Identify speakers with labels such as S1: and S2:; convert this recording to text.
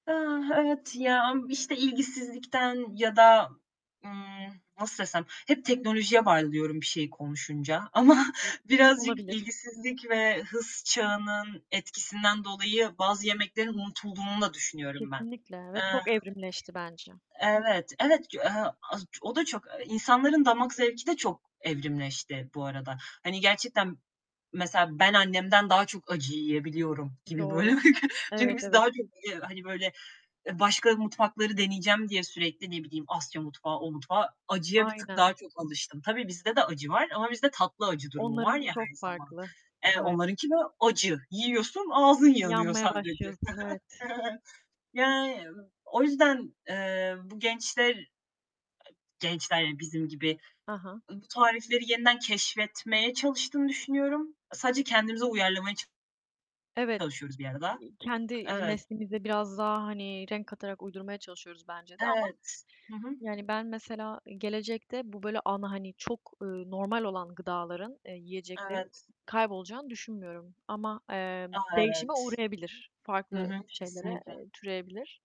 S1: Ah, evet, ya, am işte, ilgisizlikten ya da, ımm, nasıl desem hep teknolojiye bağlı diyorum bir şeyi konuşunca ama birazcık
S2: Olabilir.
S1: ilgisizlik ve hız çağının etkisinden dolayı bazı yemeklerin unutulduğunu da düşünüyorum ben.
S2: Kesinlikle, ve
S1: Iıı
S2: çok evrimleşti bence.
S1: evet, evet, k hı, az o da çok insanların damak zevki de çok evrimleşti bu arada. Hani, gerçekten mesela ben annemden daha çok acı yiyebiliyorum gibi,
S2: Doğru.
S1: böyle, çünkü
S2: Evet,
S1: biz
S2: evet.
S1: daha çok yiye hani, böyle, e başka mutfakları deneyeceğim diye sürekli ne bileyim Asya mutfağı, o mutfağı; acıya bir tık
S2: Aynen.
S1: daha çok alıştım. Tabii bizde de acı var ama bizde tatlı acı durumu var
S2: Onlarınki
S1: ya her
S2: çok
S1: zaman.
S2: farklı.
S1: Eee,
S2: Ay
S1: onlarınki de acı. Yiyorsun, ağzın yanıyor
S2: Yanmaya
S1: sadece.
S2: başlıyorsun, evet.
S1: Yani, o yüzden, eee, bu gençler gençler, yani, bizim gibi
S2: Hı hı.
S1: ı bu tarifleri yeniden keşfetmeye çalıştığını düşünüyorum. Sadece kendimize uyarlamaya ç
S2: Evet,
S1: çalışıyoruz bir arada.
S2: iii, kendi, iii,
S1: Evet.
S2: neslimize biraz daha, hani, renk katarak uydurmaya çalışıyoruz bence de ama,
S1: Evet. Hı hı.
S2: yani, ben mesela gelecekte bu böyle ana, hani, çok, ııı, normal olan gıdaların, eee, yiyeceklerin
S1: Evet.
S2: kaybolacağını düşünmüyorum ama, eee,
S1: A,
S2: değişime
S1: evet!
S2: uğrayabilir,
S1: Hı
S2: farklı
S1: hı,
S2: şeylere,
S1: kesinlikle.
S2: eee, türeyebilir.